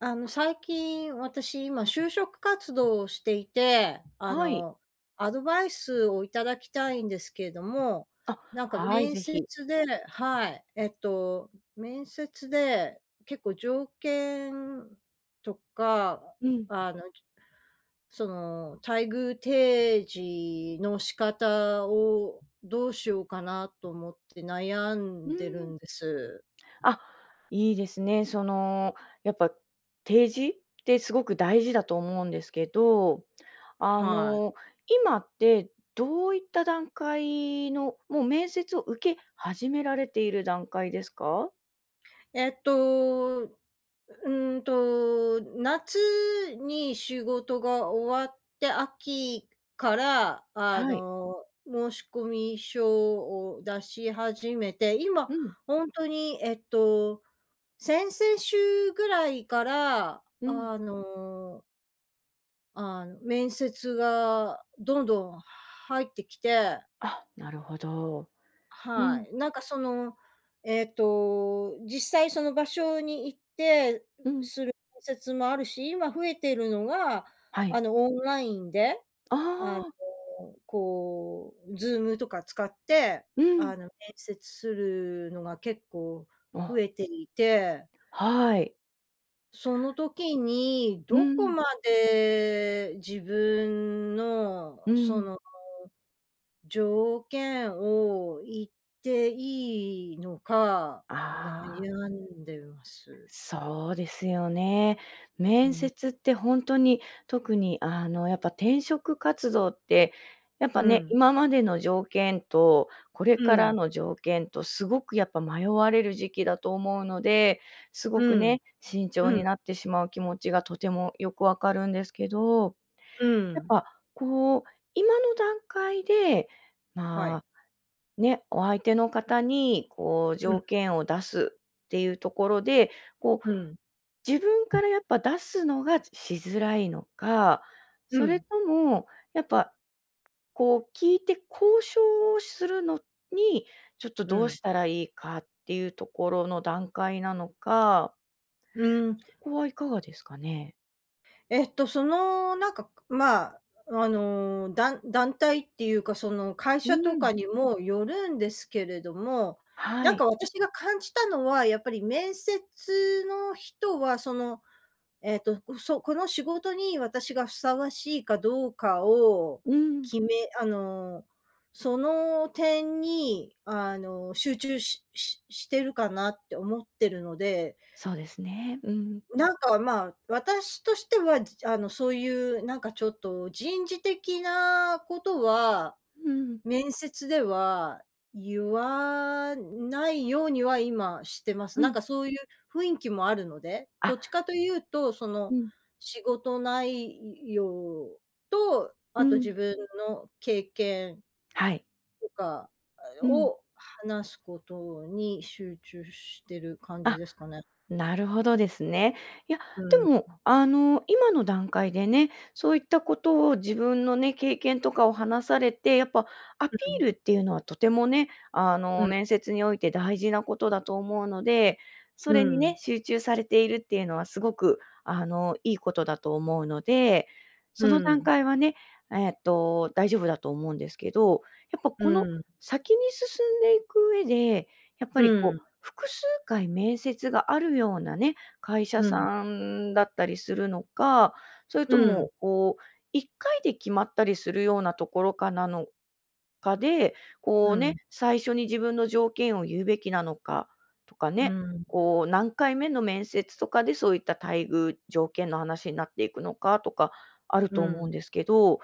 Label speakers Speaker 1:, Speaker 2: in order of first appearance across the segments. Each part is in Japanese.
Speaker 1: あの、最近私今就職活動をしていて、あ
Speaker 2: はい。
Speaker 1: の、アドバイスをいただきたいんですけれども、
Speaker 2: あ、
Speaker 1: なんか
Speaker 2: はい、
Speaker 1: 面
Speaker 2: ぜひ。
Speaker 1: 接ではい、えっと、面接で結構条件とか、
Speaker 2: うん。
Speaker 1: あの、じその、待遇提示の仕方をどうしようかなと思って悩
Speaker 2: う
Speaker 1: んでる
Speaker 2: ん。
Speaker 1: んです。
Speaker 2: あ、いいですね。その、やっぱ提示ってすごく大事だと思うんですけど、あ
Speaker 1: はい。
Speaker 2: の、今ってどういった段階の、もう面接を受け始められている段階ですか？
Speaker 1: えっと、うーんと、夏に仕事が終わって秋から、あ
Speaker 2: はい。
Speaker 1: の、申込書を出し始めて、今、
Speaker 2: うん。
Speaker 1: ほんとに、えっと、先々週ぐらいから
Speaker 2: うん。
Speaker 1: あのああ、面接がどんどん入ってきて
Speaker 2: あ、なるほど。う
Speaker 1: は
Speaker 2: ん。
Speaker 1: い、なんかその、ええと、実際その場所に行って
Speaker 2: うん。
Speaker 1: する面接もあるし、今増えてるのが、
Speaker 2: は
Speaker 1: あ
Speaker 2: い。
Speaker 1: のオンラインで、
Speaker 2: あ
Speaker 1: あの、
Speaker 2: あ。
Speaker 1: こうズームとか使って、
Speaker 2: うん。
Speaker 1: あの、面接するのが結構増
Speaker 2: あ。
Speaker 1: えていて
Speaker 2: はい。
Speaker 1: その時に、
Speaker 2: う
Speaker 1: どこ
Speaker 2: ん。
Speaker 1: まで自分の、
Speaker 2: う
Speaker 1: そ
Speaker 2: ん。
Speaker 1: の、条件を言っていいのか
Speaker 2: ああ。
Speaker 1: 悩んでます。
Speaker 2: そうですよね、
Speaker 1: う
Speaker 2: 面
Speaker 1: ん。
Speaker 2: 接って本当に、特に、あの、やっぱ転職活動って、やっぱ
Speaker 1: う
Speaker 2: ね、
Speaker 1: ん。
Speaker 2: 今までの条件と、これ
Speaker 1: う
Speaker 2: から
Speaker 1: ん。
Speaker 2: の条件とすごくやっぱ迷われる時期だと思うので、すご
Speaker 1: う
Speaker 2: く
Speaker 1: ん、
Speaker 2: ね、慎重
Speaker 1: う
Speaker 2: に
Speaker 1: ん。
Speaker 2: なってしまう気持ちがとてもよく分かるんですけど、
Speaker 1: う
Speaker 2: やっ
Speaker 1: ん。
Speaker 2: ぱ、こう、今の段階で、
Speaker 1: は
Speaker 2: ま
Speaker 1: い。
Speaker 2: あ、ね、お相手の方に、こう、
Speaker 1: うん。
Speaker 2: 条件を出すっていうところで、こう、
Speaker 1: うん。
Speaker 2: 自分からやっぱ出すのがしづらいのか、
Speaker 1: う
Speaker 2: それ
Speaker 1: ん。
Speaker 2: とも、やっぱ、こう聞いて交渉をするのに、ちょっと
Speaker 1: う
Speaker 2: どう
Speaker 1: ん。
Speaker 2: したらいいかっていうところの段階なのか。
Speaker 1: うーん。
Speaker 2: そこはいかがですかね？
Speaker 1: えっとその、なんか、くまあ、あの、だん団体っていうか、その会
Speaker 2: う
Speaker 1: 社とか
Speaker 2: ん。
Speaker 1: にもよるんですけれども、
Speaker 2: は
Speaker 1: なん
Speaker 2: い。
Speaker 1: か私が感じたのはやっぱり面接の人は、その、えっと、うそこの仕事に私がふさわしいかどうかを、
Speaker 2: うん。
Speaker 1: 決めあの、その点に、あの、集中しししてるかなって思ってるので。
Speaker 2: そうですね。うん。
Speaker 1: なんか、まあ、私としては、じあの、そういうなんかちょっと人事的なことは、
Speaker 2: うん。
Speaker 1: 面接では言わないようには今してます。
Speaker 2: う
Speaker 1: なん
Speaker 2: ん。
Speaker 1: かそういう雰囲気もあるので、
Speaker 2: あ
Speaker 1: ど
Speaker 2: っ。
Speaker 1: っちかというと、そ
Speaker 2: う
Speaker 1: の、
Speaker 2: ん。
Speaker 1: 仕事ないい容と、
Speaker 2: う
Speaker 1: あと自
Speaker 2: ん。
Speaker 1: 分の経験
Speaker 2: はい。
Speaker 1: とか、あ
Speaker 2: うん。
Speaker 1: を話すことに集中してる感
Speaker 2: あ
Speaker 1: じです
Speaker 2: っ、
Speaker 1: かね。
Speaker 2: なるほどですね。いや、
Speaker 1: う
Speaker 2: で
Speaker 1: んう
Speaker 2: も
Speaker 1: ん。
Speaker 2: あの、今の段階でね、そういったことを自分のね、経験とかを話されて、やっぱ、アピ
Speaker 1: うう
Speaker 2: ール
Speaker 1: ん。
Speaker 2: っていうのはとてもね、あ
Speaker 1: う
Speaker 2: の、
Speaker 1: ん。
Speaker 2: 面接において大事なことだと思うので、そ
Speaker 1: う
Speaker 2: れにね、
Speaker 1: ん。
Speaker 2: 集中されているっていうのはすごく、あの、いいことだと思うので、そ
Speaker 1: う
Speaker 2: の段
Speaker 1: ん。
Speaker 2: 階はね、えっと、大丈夫だと思うんですけど。やっぱ
Speaker 1: う
Speaker 2: この、
Speaker 1: ん。
Speaker 2: 先に進んでいく上で、やっぱ
Speaker 1: う
Speaker 2: りこう
Speaker 1: ん。
Speaker 2: 複数回面接があるようなね、会社
Speaker 1: うん。
Speaker 2: さんだったりするのか、それ
Speaker 1: う
Speaker 2: とも
Speaker 1: ん。
Speaker 2: こう1回で決まったりするようなところかなのかで、こ
Speaker 1: う
Speaker 2: うね、
Speaker 1: ん。
Speaker 2: 最初に自分の条件を言うべきなのかとか
Speaker 1: う
Speaker 2: ね、
Speaker 1: ん。
Speaker 2: こう、何回目の面接とかでそういった待遇条件の話になっていくのかとかある
Speaker 1: う
Speaker 2: と思うん
Speaker 1: ん。
Speaker 2: ですけど、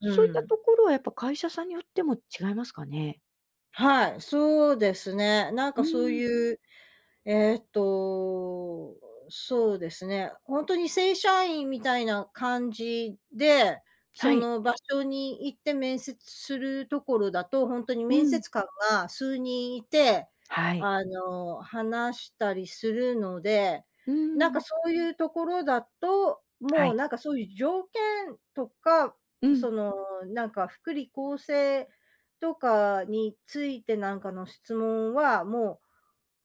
Speaker 1: う
Speaker 2: そういった
Speaker 1: ん。
Speaker 2: ところはやっぱ会社さんによっても違いますかね？
Speaker 1: はい、そうですね。なん
Speaker 2: うー
Speaker 1: かそう
Speaker 2: ん。
Speaker 1: いう、えっと、そうですね、本当に正社員みたいな感じで、
Speaker 2: は
Speaker 1: そ
Speaker 2: い。
Speaker 1: の場所に行って面接するところだと、ほんとに
Speaker 2: う
Speaker 1: 面
Speaker 2: ん。
Speaker 1: 接官が数人いて、
Speaker 2: はい。
Speaker 1: あの、話したりするので、
Speaker 2: う
Speaker 1: なんか
Speaker 2: ん。
Speaker 1: そういうところだと、
Speaker 2: は
Speaker 1: もう
Speaker 2: い。
Speaker 1: なんかそういう条件とか、
Speaker 2: う
Speaker 1: そ
Speaker 2: ん。
Speaker 1: の、なんか福利厚生とかについてなんかの質問は、も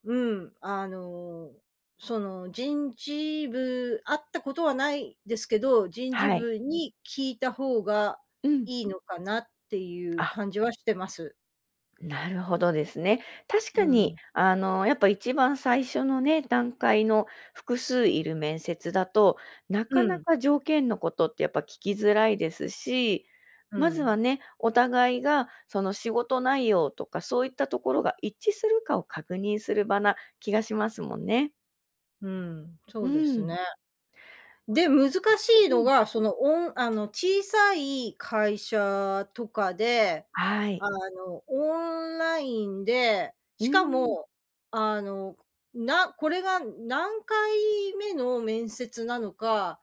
Speaker 1: う、うん、あの、その、人事部あったことはないですけど、人事
Speaker 2: はい。
Speaker 1: 部に聞いた方が
Speaker 2: うん。
Speaker 1: いいのかなっていう
Speaker 2: あ。
Speaker 1: 感じはしてます。
Speaker 2: なるほどですね。確
Speaker 1: う
Speaker 2: かに、
Speaker 1: ん。
Speaker 2: あの、やっぱ1番最初のね、段階の複数いる面接だと、なか
Speaker 1: う
Speaker 2: な
Speaker 1: ん。
Speaker 2: か条件のことってやっぱ聞きづらいですし、
Speaker 1: う
Speaker 2: まずは
Speaker 1: ん。
Speaker 2: ね、お互いがその仕事内容とかそういったところが一致するかを確認する場な気がしますもんね。
Speaker 1: うん、そ
Speaker 2: う
Speaker 1: うです
Speaker 2: ん。
Speaker 1: ね。で、難しい
Speaker 2: うん、
Speaker 1: の
Speaker 2: うん。
Speaker 1: が、その、おんあの、小さい会社とかで、
Speaker 2: はい。
Speaker 1: あの、オンラインで、
Speaker 2: う
Speaker 1: しか
Speaker 2: ん。
Speaker 1: も、あの、なこれが何回目の面接なのか、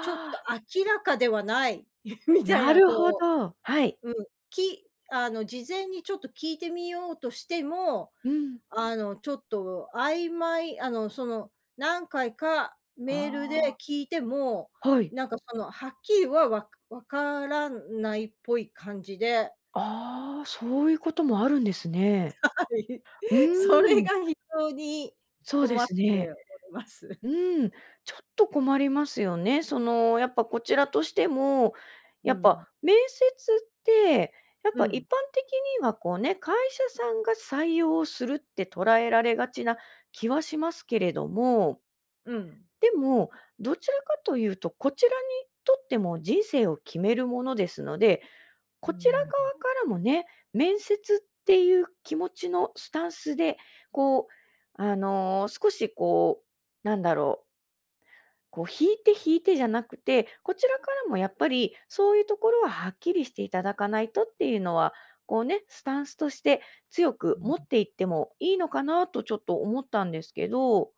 Speaker 1: ちょっと
Speaker 2: あ。
Speaker 1: 明らかではないみたい
Speaker 2: な
Speaker 1: な
Speaker 2: るほ
Speaker 1: こ
Speaker 2: ど、はい。
Speaker 1: ううん、きあの事前にちょっと聞いてみようとしても、
Speaker 2: うん。
Speaker 1: あの、ちょっと曖昧、あの、その、何回か
Speaker 2: あ
Speaker 1: メールで
Speaker 2: あ。
Speaker 1: 聞いても
Speaker 2: はい。
Speaker 1: なんかそのはっきりは、わわからないっぽい感じで
Speaker 2: ああ、そういうこともあるんですね。
Speaker 1: はい、
Speaker 2: う
Speaker 1: それ
Speaker 2: ーん。
Speaker 1: が非常に
Speaker 2: そうで
Speaker 1: 困って
Speaker 2: すね。
Speaker 1: おります。
Speaker 2: うん、ちょっと困りますよね。その、やっぱこちらとしても、
Speaker 1: う
Speaker 2: やっぱ
Speaker 1: ん。
Speaker 2: 面接って、やっ
Speaker 1: う
Speaker 2: ぱ一
Speaker 1: ん。
Speaker 2: 般的にはこうね、会社さんが採用するって捉えられがちな気はしますけれども
Speaker 1: うん。
Speaker 2: でも、どちらかというとこちらにとっても人生を決めるものですので、
Speaker 1: うー
Speaker 2: こちら側
Speaker 1: ん。
Speaker 2: からもね、面接っていう気持ちのスタンスで、こう、あの、少しこうなんだろうこう引いて引いてじゃなくて、こちらからもやっぱり、そういうところははっきりしていただかないとっていうのは、こうね、スタンスとして強
Speaker 1: う
Speaker 2: く持っ
Speaker 1: ん。
Speaker 2: ていってもいいのかなとちょっと思ったんですけど、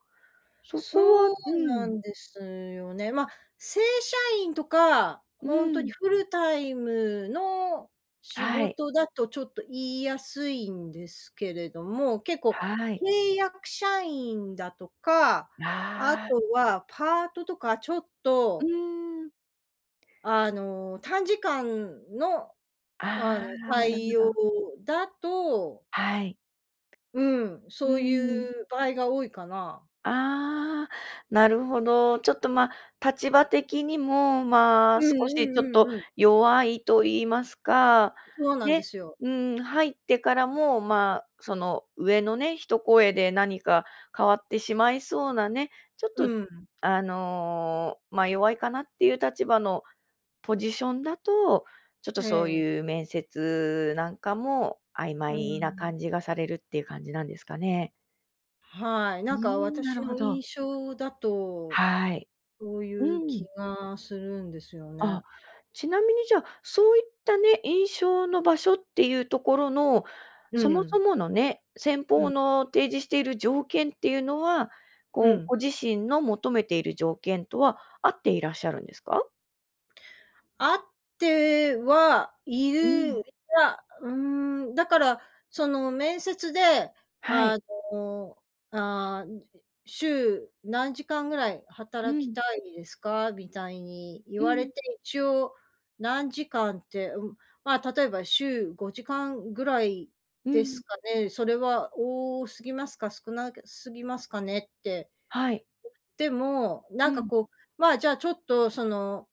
Speaker 2: そこは
Speaker 1: そう
Speaker 2: う
Speaker 1: な
Speaker 2: ん。
Speaker 1: んですよね。ま、正社員とか、
Speaker 2: う
Speaker 1: ほんとに
Speaker 2: ん。
Speaker 1: フルタイムの仕
Speaker 2: はい。
Speaker 1: 事だとちょっと言いやすいんですけれども、結構、
Speaker 2: はい。
Speaker 1: 契約社員だとか、あ
Speaker 2: ああ。
Speaker 1: とはパートとかちょっ
Speaker 2: う
Speaker 1: と
Speaker 2: ーん。
Speaker 1: あの、短時間の、あ
Speaker 2: あ
Speaker 1: の、
Speaker 2: あ、なるほ
Speaker 1: 対応
Speaker 2: ど。
Speaker 1: だと
Speaker 2: はい。
Speaker 1: うん、
Speaker 2: う
Speaker 1: そう
Speaker 2: ん。
Speaker 1: いう場合が多いかな。
Speaker 2: ああ、なるほど。ちょっと、ま、立場的にも、ま
Speaker 1: う
Speaker 2: あ、
Speaker 1: ん
Speaker 2: 少
Speaker 1: う
Speaker 2: しちょっ
Speaker 1: んう
Speaker 2: と
Speaker 1: んうん。
Speaker 2: 弱いと言いますか、
Speaker 1: そうなんで
Speaker 2: ね、
Speaker 1: すよ。
Speaker 2: うん、入ってからも、ま、その、上のね、一声で何か変わってしまいそうなね、ちょっと、
Speaker 1: うん。
Speaker 2: あの、ま、弱いかなっていう立場のポジションだと、ちょっと
Speaker 1: え
Speaker 2: そう
Speaker 1: え。
Speaker 2: いう面接なんかも曖
Speaker 1: う
Speaker 2: 昧な
Speaker 1: ん。
Speaker 2: 感じがされるっていう感じなんですかね。
Speaker 1: はい、
Speaker 2: う
Speaker 1: な
Speaker 2: ー
Speaker 1: んか
Speaker 2: ん、な
Speaker 1: 私
Speaker 2: るほ
Speaker 1: の
Speaker 2: ど。
Speaker 1: 印象だと、
Speaker 2: はい、
Speaker 1: そうい
Speaker 2: う
Speaker 1: う気
Speaker 2: ん。
Speaker 1: がするんですよ
Speaker 2: あ、
Speaker 1: ね。
Speaker 2: ちなみにじゃ、そういったね、印象の場所っていうところの、
Speaker 1: う
Speaker 2: そもそ
Speaker 1: ん。
Speaker 2: ものね、先
Speaker 1: う
Speaker 2: 方
Speaker 1: ん。
Speaker 2: の提示している条件っていうのは、
Speaker 1: う
Speaker 2: こう、
Speaker 1: ん。
Speaker 2: ご自身の求めている条件とは合っていらっしゃるんですか？
Speaker 1: 合ってはい
Speaker 2: うん。
Speaker 1: る、いや、うーん、だからその面接で
Speaker 2: はい。
Speaker 1: あの、あ、ん週何時間ぐらい
Speaker 2: う
Speaker 1: 働き
Speaker 2: ん。
Speaker 1: たいですか？みたいに言
Speaker 2: う
Speaker 1: われ
Speaker 2: ん。
Speaker 1: て、一応何時間って、うま、例えば週5時間ぐらい
Speaker 2: う
Speaker 1: です
Speaker 2: ん。
Speaker 1: かね、それは多すぎますか？少なげすぎますかね？って、
Speaker 2: はい。
Speaker 1: でもな
Speaker 2: う
Speaker 1: んか
Speaker 2: ん。
Speaker 1: こう、ま、じゃあちょっとその、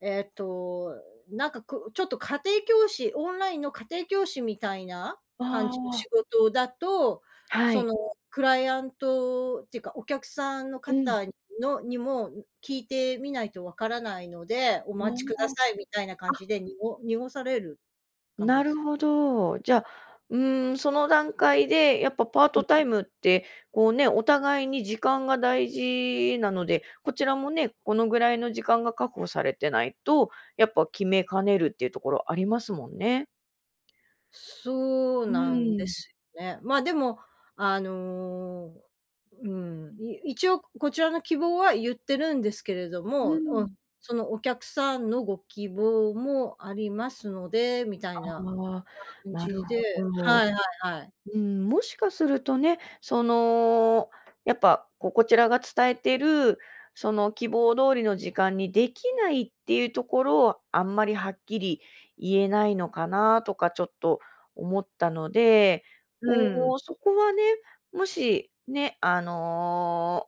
Speaker 1: ええと、なんかくちょっと家庭教師、オンラインの家庭教師みたいな感
Speaker 2: あ
Speaker 1: じの
Speaker 2: あ。
Speaker 1: 仕事だと、
Speaker 2: は
Speaker 1: そ
Speaker 2: い。
Speaker 1: のクライアントっていうかお客さんの
Speaker 2: うん。
Speaker 1: 方のにも、ん聞いてみないとわからないので、お
Speaker 2: あ
Speaker 1: 待ちくだ
Speaker 2: あ、
Speaker 1: さいみたいな感じ
Speaker 2: あ。
Speaker 1: で、にご濁される感じ
Speaker 2: な
Speaker 1: で
Speaker 2: る
Speaker 1: す。
Speaker 2: ほど、じゃ、うーんその段階でやっぱパー
Speaker 1: う
Speaker 2: ト
Speaker 1: ん。
Speaker 2: タイムってこうね、お互いに時間が大事なので、こちらもね、このぐらいの時間が確保されてないとやっぱ決めかねるっていうところありますもんね。
Speaker 1: そう
Speaker 2: う
Speaker 1: なん
Speaker 2: ー
Speaker 1: で
Speaker 2: ん。
Speaker 1: すね、ま、でも、あの、うん、い一応こちらの希望は言ってるんですけれど
Speaker 2: う
Speaker 1: も、おん
Speaker 2: ん。
Speaker 1: そのお客さんのご希望もありますのでみたいな、
Speaker 2: ああ、
Speaker 1: 感
Speaker 2: なる
Speaker 1: じで、
Speaker 2: ほ
Speaker 1: は
Speaker 2: ど。
Speaker 1: いはいはい。
Speaker 2: うん、もしかするとね、その、やっぱ、こうこちらが伝えてる、その、希望通りの時間にできないっていうところをあんまりはっきり言えないのかなとかちょっと思ったので、
Speaker 1: うん。
Speaker 2: こうそこはね、もし、ね、あの、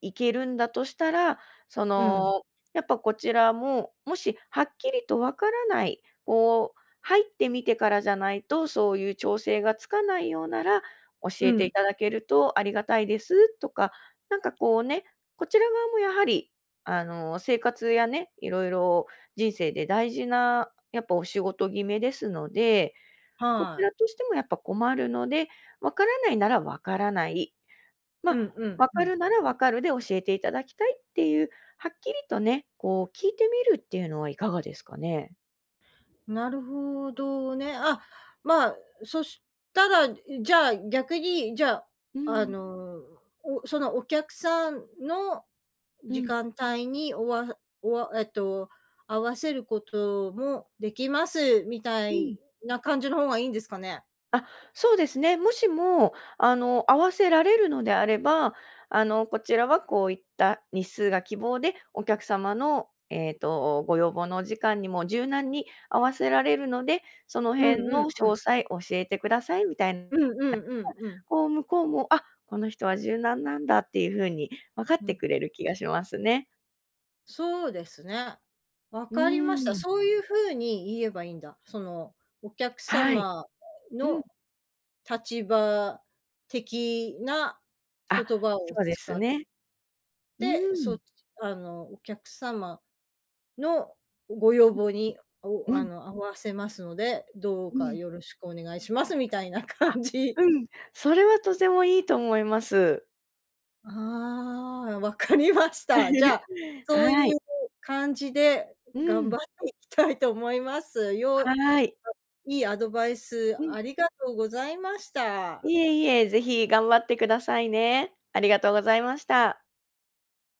Speaker 2: 行けるんだとしたら、そ
Speaker 1: うん。
Speaker 2: の、やっぱこちらも、もしはっきりとわからない、こう、入ってみてからじゃないとそういう調整がつかないようなら、教
Speaker 1: う
Speaker 2: えてい
Speaker 1: ん。
Speaker 2: ただけるとありがたいです、とか、なんかこうね、こちら側もやはり、あの、生活やね、いろいろ、人生で大事な、やっぱお仕事決めですので、こ
Speaker 1: は
Speaker 2: ち
Speaker 1: い。
Speaker 2: らとしてもやっぱ困るので、わからないならわからない、
Speaker 1: う
Speaker 2: ま、
Speaker 1: んうん
Speaker 2: 分
Speaker 1: う
Speaker 2: か
Speaker 1: ん。
Speaker 2: るなら分かるで教えていただきたいっていう、はっきりとね、こう聞いてみるっていうのはいかがですかね？
Speaker 1: なるほどね、あ、ま、そしたらじゃ、逆に、じゃ、
Speaker 2: う
Speaker 1: あ
Speaker 2: ん。
Speaker 1: のう、おそのお客さんの
Speaker 2: う
Speaker 1: 時
Speaker 2: ん。
Speaker 1: 間帯におわおわえっと、合わせることもできますみた
Speaker 2: うん。
Speaker 1: いな感じの方がいいんですかね？
Speaker 2: あ、そうですね。もしも、あの、合わせられるのであれば、あの、こちらはこういった日数が希望でお客様の、えっと、ご要望のお時間にも柔軟に合わせられるので、その
Speaker 1: うん
Speaker 2: 辺
Speaker 1: うん
Speaker 2: の
Speaker 1: うん。
Speaker 2: 詳細教えてくださいみたいな。
Speaker 1: うん うんうんうん。
Speaker 2: こう向こうも、あっ、この人は柔軟なんだっていう風に分かっ
Speaker 1: ふ
Speaker 2: て
Speaker 1: ん。
Speaker 2: くれる気がしますね。
Speaker 1: そうですね。わ
Speaker 2: う
Speaker 1: かりました。
Speaker 2: ーん。
Speaker 1: そういう風に言えばいいんだ。その、お客
Speaker 2: はい。
Speaker 1: 様
Speaker 2: うん。
Speaker 1: の立場的な
Speaker 2: あ、
Speaker 1: 言葉を
Speaker 2: そうです
Speaker 1: 使っ
Speaker 2: ね。う
Speaker 1: て、そ
Speaker 2: ん。
Speaker 1: あのお客様のご要望に
Speaker 2: う
Speaker 1: お
Speaker 2: ん。う
Speaker 1: あ
Speaker 2: ん。
Speaker 1: の、合わせますので、どう
Speaker 2: う
Speaker 1: か
Speaker 2: ん。
Speaker 1: よろしくお願いしますみたいな
Speaker 2: あ、
Speaker 1: 感じ。
Speaker 2: うん、それはとてもいいと思います。
Speaker 1: ああ、分かりました。じゃ、そういう
Speaker 2: はい。
Speaker 1: 感じで
Speaker 2: う
Speaker 1: 頑
Speaker 2: ん。
Speaker 1: 張っていきたいと思います。よう
Speaker 2: はい。
Speaker 1: いいアドバイス
Speaker 2: うん。
Speaker 1: ありがとうございました。
Speaker 2: いえいえ、ぜひ頑張ってくださいね。ありがとうございました。